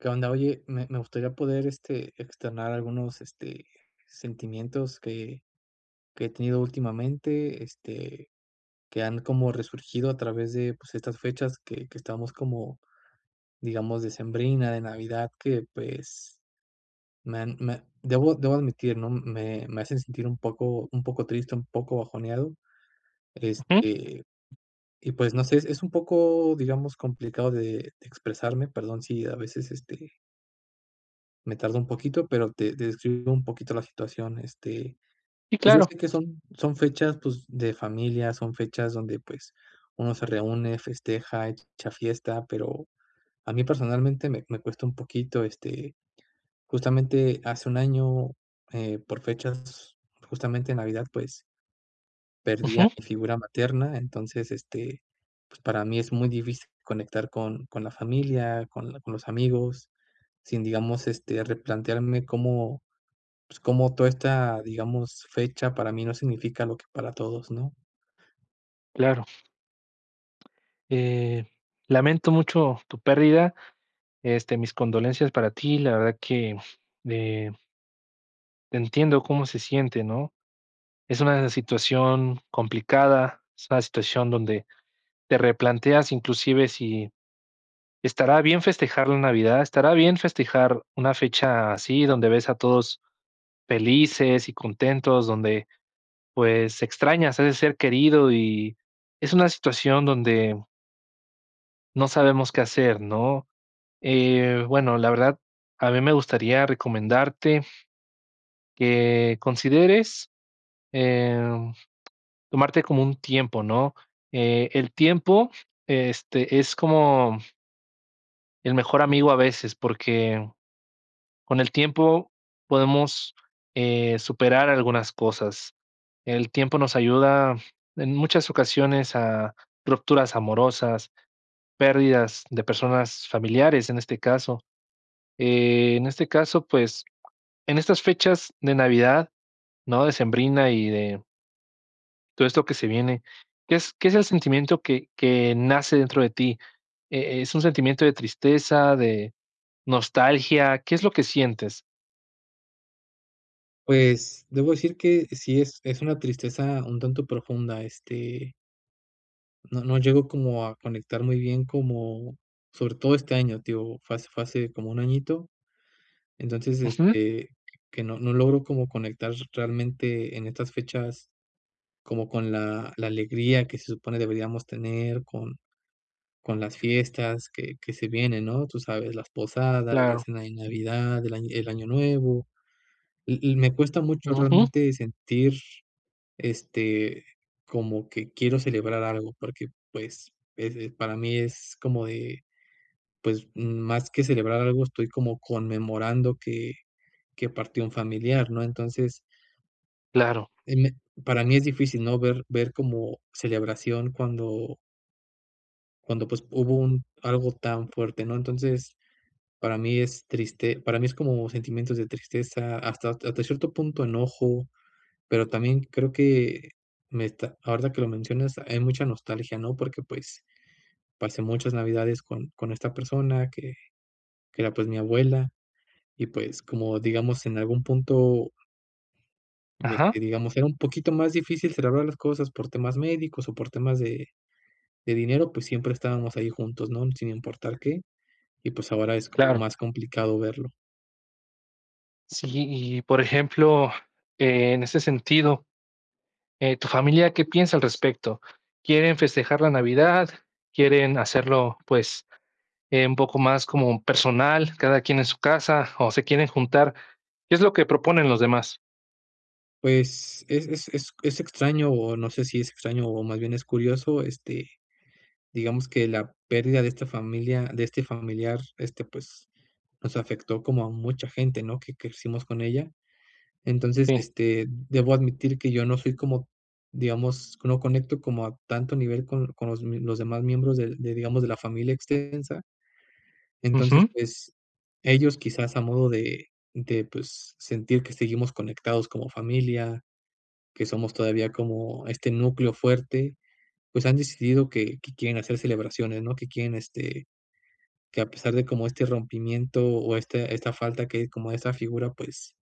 Qué onda. Oye, me me gustaría poder, este, externar algunos, este, sentimientos que que he tenido últimamente, este, que han como resurgido a través de, pues, estas fechas que que estábamos como, digamos, decembrinas de Navidad, que, pues, me han me debo debo admitir, ¿no?, me me hacen sentir un poco un poco triste, un poco bajoneado, Ujú. este, y pues, no sé, es es un poco, digamos, complicado de de expresarme. Perdón si a veces, este me tardó un poquito, pero te te describo un poquito la situación. Este, Sí, pues, yo claro. sé que son, son fechas, pues, de familia, son fechas donde, pues, uno se reúne, festeja, hecha fiesta, pero a mí, personalmente, me me cuesta un poquito, este, justamente, hace 1 año, eh, por fechas, justamente, en Navidad, pues perdí a Ujú. mi figura materna. Entonces, este, pues, para mí es muy difícil conectar con con la familia, con la con los amigos, sin, digamos, este, replantearme cómo, pues, cómo toda esta, digamos, fecha para mí, no significa lo que para todos, ¿no? Claro. Eh, lamento mucho tu pérdida. Este, mis condolencias para ti. La verdad que, eh entiendo cómo se siente, ¿no? Es una situación complicada. Es una situación donde, te replanteas inclusive, si estará bien festejar la Navidad, estará bien festejar una fecha así donde ves a todos felices y contentos, donde, pues, extrañas a ese ser querido y es una situación donde no sabemos qué hacer, ¿no? Eh, bueno, la verdad, a mí me gustaría recomendarte, que consideres, em, tomarte como un tiempo, ¿no? Eh, el tiempo, este, es como el mejor amigo, a veces, porque con el tiempo podemos, eh, superar algunas cosas. El tiempo nos ayuda en muchas ocasiones, a rupturas amorosas, pérdidas de personas, familiares en este caso. Eh, en este caso, pues, en estas fechas de Navidad, ¿no? Decembrina y de Todo esto que se viene. ¿Qué es qué es el sentimiento que que nace dentro de ti, eh, es un sentimiento de tristeza, de nostalgia, qué es lo que sientes? Pues, debo decir que sí, es es una tristeza un tanto profunda, este no no llego como a conectar muy bien como sobre todo este año, te digo, fue hace fue hace como 1 añito. Entonces, Ujú. este, que no no logro como conectar realmente, en estas fechas, como con la la alegría que se supone deberíamos tener, con con las fiestas que que se vienen, ¿no?, tú sabes, las posadas, la Claro. cena de Navidad, el año el Año Nuevo, y y me cuesta mucho, Ujú. realmente sentir, este, como que quiero celebrar algo, porque, pues, eh eh, para mí, es como de, pues, más que celebrar algo, estoy como conmemorando que que partió un familiar, ¿no? Entonces Claro. eh, me para mí es difícil, ¿no?, ver ver como, celebración cuando Cuando pues, hubo un algo tan fuerte, ¿no? Entonces, para mí es triste para mí, es como sentimientos de tristeza, hasta hasta cierto punto enojo. Pero también, creo que me está ahorita, que lo mencionas, hay mucha nostalgia, ¿no?, porque pues, pasé muchas Navidades, con con esta persona, que que era, pues, mi abuela, y pues, como digamos, en algún punto este, Ajá. digamos, era un poquito más difícil, celebrar las cosas por temas médicos, o por temas de de dinero, pues, siempre estábamos ahí juntos, ¿no?, sin importar qué. Y, pues, ahora, es como Claro. más complicado verlo. Sí, y, por ejemplo, en ese sentido, eh, tu familia, ¿qué piensa al respecto? ¿Quieren festejar la Navidad? ¿Quieren hacerlo, pues, eh, un poco más, como personal, cada quien en su casa, o se quieren juntar? ¿Qué es lo que proponen los demás? Pues, es es es es extraño, o no sé, si es extraño, o más bien, es curioso, este, digamos, que la pérdida de esta familia de este familiar, este, pues, nos afectó como a mucha gente, ¿no?, que crecimos con ella. Entonces, Sí. este, debo admitir, que yo no soy, como digamos, no conecto como a tanto nivel, con con los m los demás miembros, de de digamos, de la familia extensa. Entonces, Ujú. pues, ellos quizás, a modo de de pues, sentir que seguimos conectados como familia, que somos todavía como este núcleo fuerte, pues han decidido que que quieren hacer celebraciones, ¿no?, que quieren, este, que a pesar de como este rompimiento, o este esta falta que como esa figura, pues,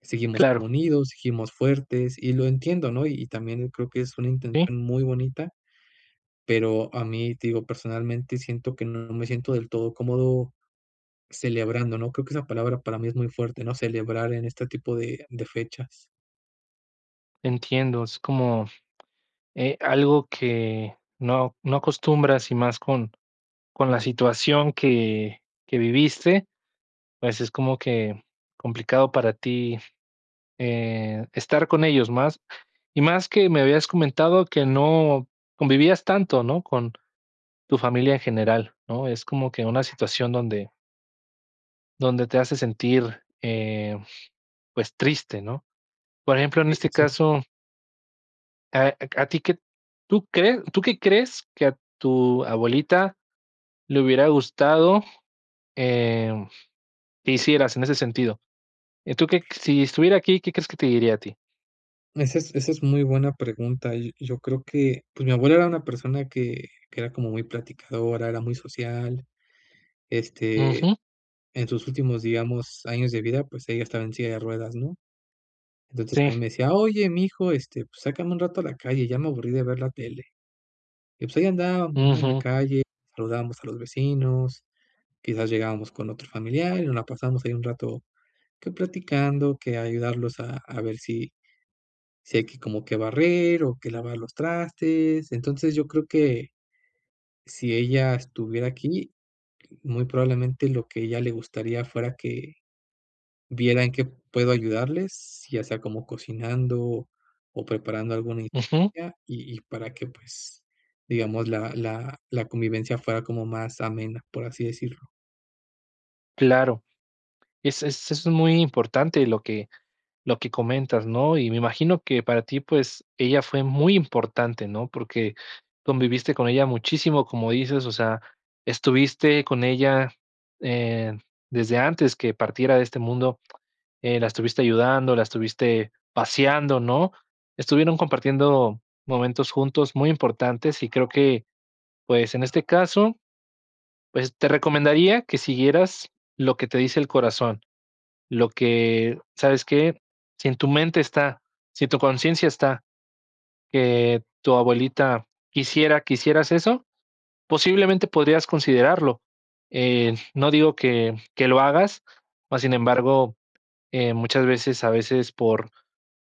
seguimos como Claro. unidos, seguimos fuertes, y lo entiendo, ¿no? Y también, creo que es una Sí. intención muy bonita, pero a mí, digo, personalmente, siento que no me siento, del todo cómodo, celebrando, ¿no? Creo, que esa palabra para mí, es muy fuerte, ¿no? Celebrar, en este tipo de de fechas. Entiendo, es como, eh, algo que no no acostumbras y más con con la situación que que viviste, pues es como que complicado para ti, eh, estar con ellos más y más que me habías comentado que no convivías tanto, ¿no?, con tu familia en general, ¿no?, es como que una situación donde donde te hace sentir, eh, pues triste, ¿no?, por ejemplo, en Sí, sí, este sí. caso eh, a q a ti que ¿tú crees tú que crees que a tu abuelita le hubiera gustado, eh, que hicieras en ese sentido? Y tú que si estuviera aquí, ¿qué crees que te diría a ti? Esa es esa es muy buena pregunta. Yo yo creo que pues mi abuela era una persona que que era como muy platicadora, era muy social, este, Ujú. en sus últimos, digamos, años de vida. Pues ella estaba en silla de ruedas, ¿no? Entonces, a mí Sí. me decía: "Oye, mijo, este, pues sácame un rato a la calle. Ya me aburrí de ver la tele". Y, pues, ahí andábamos, ¿no?, en la Ujú. calle. Saludábamos a los vecinos. Quizás llegábamos con otro familiar y nos la pasamos ahí un rato que platicando que ayudarlos a a ver si si hay que como que barrer o que lavar los trastes. Entonces, yo creo que si ella estuviera aquí, muy probablemente lo que a ella le gustaría fuera que viera en qué puedo ayudarles, ya sea como cocinando o preparando alguna Ujú. [unintelligible] y y para que pues digamos la la la convivencia fuera como más amena, por así decirlo. Claro, es es es muy importante lo que lo que comentas, ¿no? Y me imagino que para ti, pues, ella fue muy importante, ¿no? Porque, conviviste con ella muchísimo, como dices, o sea, estuviste con ella, eh, desde antes que partiera de este mundo, eh, la estuviste ayudando, la estuviste paseando, ¿no? Estuvieron compartiendo momentos juntos muy importantes y creo que, pues, en este caso, pues, te recomendaría que siguieras lo que te dice el corazón, lo que ¿sabes qué? Si en tu mente está, si en tu conciencia está, que tu abuelita quisiera que hicieras eso, posiblemente podrías considerarlo. Eh, no digo que, que lo hagas, más sin embargo, eh, muchas veces, a veces por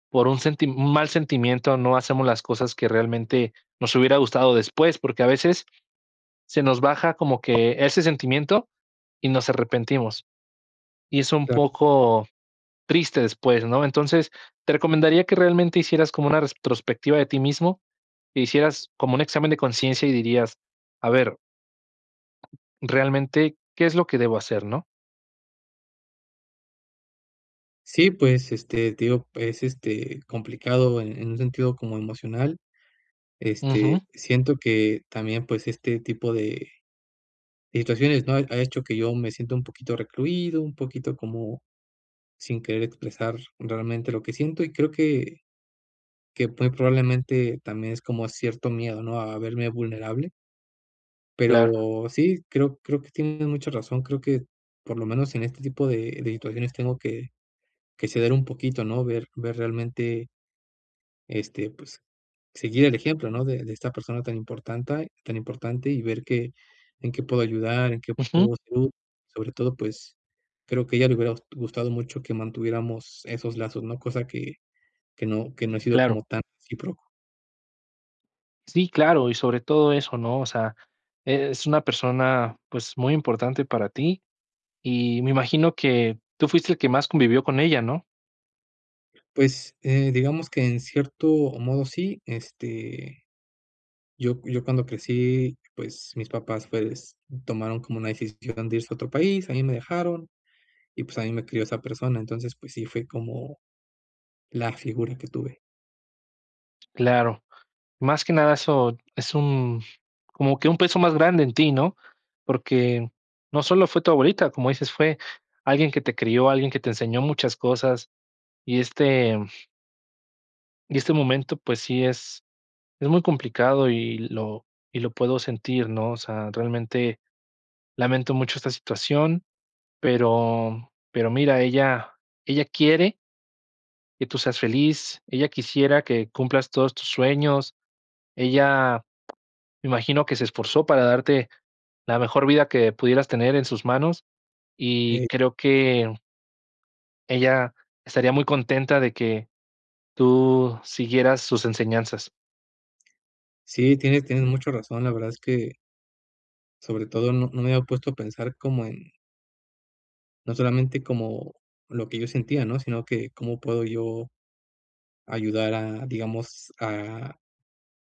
por un senti un mal sentimiento no hacemos las cosas que realmente nos hubiera gustado después, porque a veces, se nos baja como que ese sentimiento y nos arrepentimos. Y es un Claro. poco triste después, ¿no? Entonces, te recomendaría que realmente hicieras como una retrospectiva de ti mismo e hicieras como un examen de conciencia y dirías: "A ver" Realmente, ¿qué es lo que debo hacer?, ¿no? Sí, pues, este, digo, es, este, complicado en en un sentido como emocional. Este, Ujú. siento que también, pues, este tipo de situaciones no ha ha hecho que yo me sienta un poquito recluido, un poquito como sin querer expresar realmente lo que siento. Y creo que que muy probablemente también es como cierto miedo, ¿no?, a verme vulnerable. Claro. Pero sí, creo creo que tienes mucha razón, creo que por lo menos en este tipo de de situaciones tengo que que ceder un poquito, ¿no?, ver ver realmente este, pues, seguir el ejemplo, ¿no?, de de esta persona tan importante tan importante, y ver, qué en qué puedo ayudar, en qué Ujú. apoyo, sobre todo, pues, creo que a ella le hubiera gustado mucho que mantuviéramos esos lazos, ¿no?, cosa que que no que no he sido Claro. como tan recíproco. Sí, claro. Y sobre todo eso, ¿no? O sea, es una persona, pues, muy importante para ti, y me imagino que tú fuiste el que más convivió con ella, ¿no? Pues, eh, digamos que en cierto modo, sí, este, yo yo cuando crecí, pues, mis papás, pues, tomaron como una decisión de irse a otro país. A mí me dejaron y, pues, a mí me crió esa persona. Entonces, pues sí, fue como la figura que tuve. Claro. Más que nada, eso es un como que un peso más grande en ti, ¿no? Porque no solo fue tu abuelita, como dices: "Fue alguien que te crió, alguien que te enseñó muchas cosas", y este y este momento, pues sí, es es muy complicado y lo y lo puedo sentir, ¿no? O sea, realmente lamento mucho esta situación, pero pero mira, ella ella quiere que tú seas feliz. Ella quisiera que cumplas todos tus sueños. Ella me imagino que se esforzó para darte la mejor vida que pudieras tener en sus manos y Hey. creo que ella estaría muy contenta de que tú siguieras sus enseñanzas. Sí, tienes tienes mucha razón. La verdad es que sobre todo, no no me había puesto a pensar como en no solamente como lo que yo sentía, ¿no?, sino que cómo puedo yo, ayudar a, digamos, a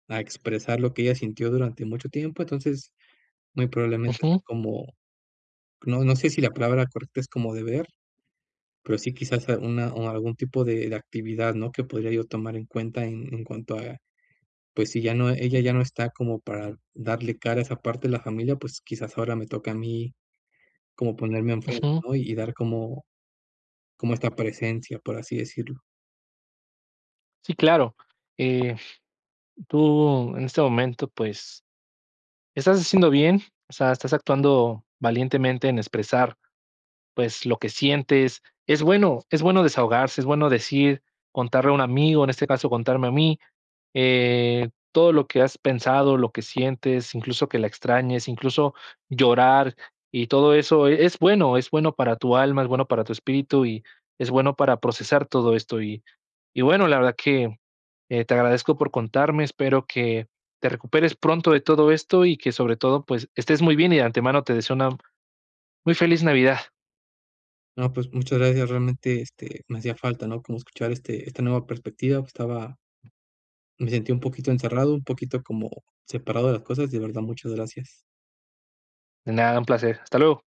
a expresar lo que ella sintió durante mucho tiempo. Entonces, muy probablemente sea Ujú. como, no no sé, si la palabra correcta es como deber. Pero, sí, quizás una o algún tipo de de actividad, ¿no?, que podría yo tomar en cuenta en en cuanto, pues, si ya no ella ya no está como para darle cara a esa parte de la familia. Pues, quizás, ahora me toca a mí como ponerme en frente, Ujú. ¿no? Y dar como como esta presencia, por así decirlo. Sí, claro, eh, tú, en este momento, pues, estás haciendo bien, o sea, estás actuando valientemente en expresar, pues, lo que sientes es bueno, es bueno desahogarse, es bueno decir, contarle a un amigo, en este caso, contarme a mí, eh, todo lo que has pensado lo que sientes incluso que la extrañes, incluso llorar y todo eso, eh, es bueno, es bueno para tu alma, es bueno para tu espíritu y es bueno para procesar todo esto. Y bueno, la verdad que, eh, te agradezco por contarme. Espero que te recuperes pronto de todo esto y que, sobre todo, pues, estés muy bien y de antemano te deseo una muy feliz Navidad. No, pues, muchas gracias. Realmente, este, me hacía falta, ¿no?, como escuchar, este esta nueva perspectiva estaba Me sentí un poquito encerrado, un poquito como separado de las cosas. De verdad, muchas gracias. De nada, un placer. Hasta luego.